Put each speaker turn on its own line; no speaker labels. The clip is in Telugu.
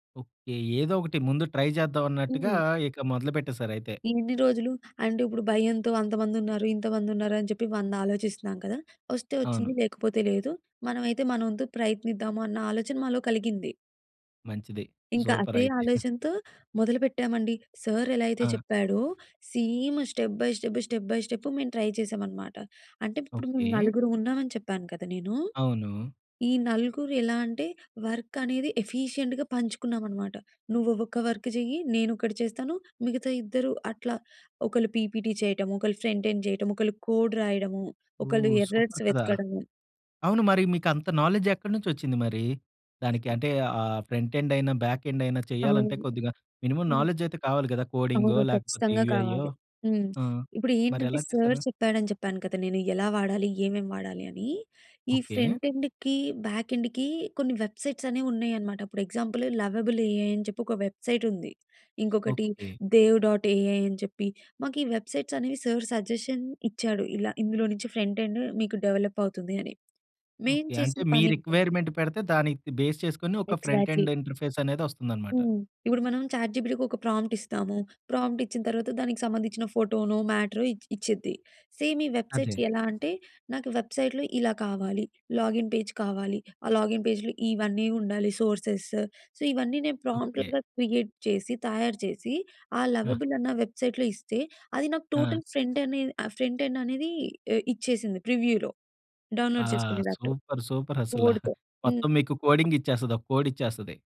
ఓకే. ఏదోకటి ముందు ట్రై జేద్దాం అన్నట్టుగా
హ్మ్.
ఇక మొదలు పెట్టేసారైతే.
"ఇన్ని రోజులు, అంటే ఇప్పుడు భయంతో అంతమందున్నారు, ఇంతమందున్నారు అని చెప్పి వంద ఆలోచిస్తున్నాం కదా! ఒస్తే
అవును.
ఒచ్చింది, లేకపోతే లేదు. మనమైతే మనోంతు ప్రయత్నిద్దాము" అన్న ఆలోచన మాలో కలిగింది.
మంచిది.
ఇంక అదే
సూపరైతే.
ఆలోచనతో మొదలుపెట్టామండి. సార్ ఎలా అయితే
ఆ!
చెప్పాడో same step by step, step by step మేము ట్రై చేసామనమాట. అంటే ఇప్పుడు మేము
ఓకే.
నలుగురుం ఉన్నామని చెప్పాను కదా! నేను.
అవును.
ఈ నలుగురు ఎలా అంటే వర్క్ అనేది ఎఫిషియంట్‌గా పంచుకున్నామనమాట. నువ్వు ఒక్క వర్క్ చెయ్యి, నేనొకటి చేస్తాను. మిగతా ఇద్దరు అట్లా, ఒకళ్ళు పీపీటీ చేయటము, ఒకళ్ళు ఫ్రంట్ ఎండ్ చేయటము, ఒకళ్ళు కోడ్ రాయడము, ఒకళ్ళు
ఓహ్! సూపర్
ఎర్రర్స్
కదా!
వెతకడము.
అవును. మరి మీకంత నాలెడ్జ్ ఎక్కడ నుంచొచ్చింది మరి? దానికి అంటే ఆహ్, ఫ్రంట్ ఎండయిన, బ్యాక్ ఎండయిన చేయాలంటే
అవును.
కొద్దిగా మినిమమ్
హ్మ్.
నాలెడ్జ్ అయితే కావాలి కదా! కోడింగో
అవును.
లేకపోతే
ఖచ్చితంగా
యూఐయో
కావాలి. హ్మ్.
ఆ!
ఇప్పుడేంటంటే,
మరెలా
సార్
చేసారు?
చెప్పాడని చెప్పాను కదా! నేను యేలా వాడాలి ఏమేం వాడాలి అని. ఈ
ఓకే.
ఫ్రంట్ ఎండ్‌కి, బ్యాక్ ఎండ్‌కి కొన్ని వెబ్‌‌సైట్స్ అనేవున్నాయనమాట. ఇప్పుడు ఎగ్జాంపుల్ 'లవబుల్ ఏఐ' అని చెప్పి ఒక వెబ్సైటుంది. ఇంకొకటి
ఓకే.
'దేవ్ డాట్ ఏఐ' అని చెప్పి. మాకు ఈ వెబ్సైట్స్ అనేవి సార్ సజెషన్ ఇచ్చాడు. ఇలా ఇందులో నుంచి ఫ్రంట్ ఎండ్ మీకు డెవలప్ అవుతుంది అని. మేం
ఓకే.
చేసిన
అంటే మీ
పనేంటంటే
రిక్వైర్మెంట్ పెడితే దానికి బేస్ చేసుకొని ఒక ఫ్రంట్
ఎగ్జా‌ట్‌లీ.
ఎండ్ ఇంటర్ఫేస్ అనేదొస్తుందనమాట.
హ్మ్. ఇప్పుడు మనం చాట్ జీపీటీకి ఒక ప్రాంప్ట్ ఇస్తాము. ప్రాంప్ట్ ఇచ్చిన తర్వాత దానికి సంబంధించిన ఫోటోనో, మ్యాటరో ఇచ్ ఇచ్చిద్ది. సేమ్ ఈ వెబ్‌సైట్స్
అదే.
ఎలా అంటే "నాకు వెబ్‌సై‌ట్‌లో ఇలా కావాలి, లాగిన్ పేజ్ కావాలి. ఆ లాగిన్ పేజ్‌లో ఇవన్నీ ఉండాలి. సోర్సెస్" సో ఇవన్నీ నేను
ఓకే.
ప్రాంప్ట్‌లుగా క్రియేట్ చేసి తయారు చేసి ఆ
ఆ!
లవబుల్ అన్న వెబ్‌సైట్‌లో ఇస్తే అది నాకు
ఆ!
టోటల్ ఫ్రంట్ అనేది ఆహ్, ఫ్రంట్ ఎండ్ అనేది ఏ ఇచ్చేసింది ప్రివ్యూలో.
ఆ!
డౌన్‌లోడ్ చేసుకునే దట్టు
సూపర్. సూపరసలా.
కోడ్‌తో. హ్మ్.
మొత్తం మీకు కోడింగిచ్చేస్తది. ఒక కోడిచ్చేస్తది.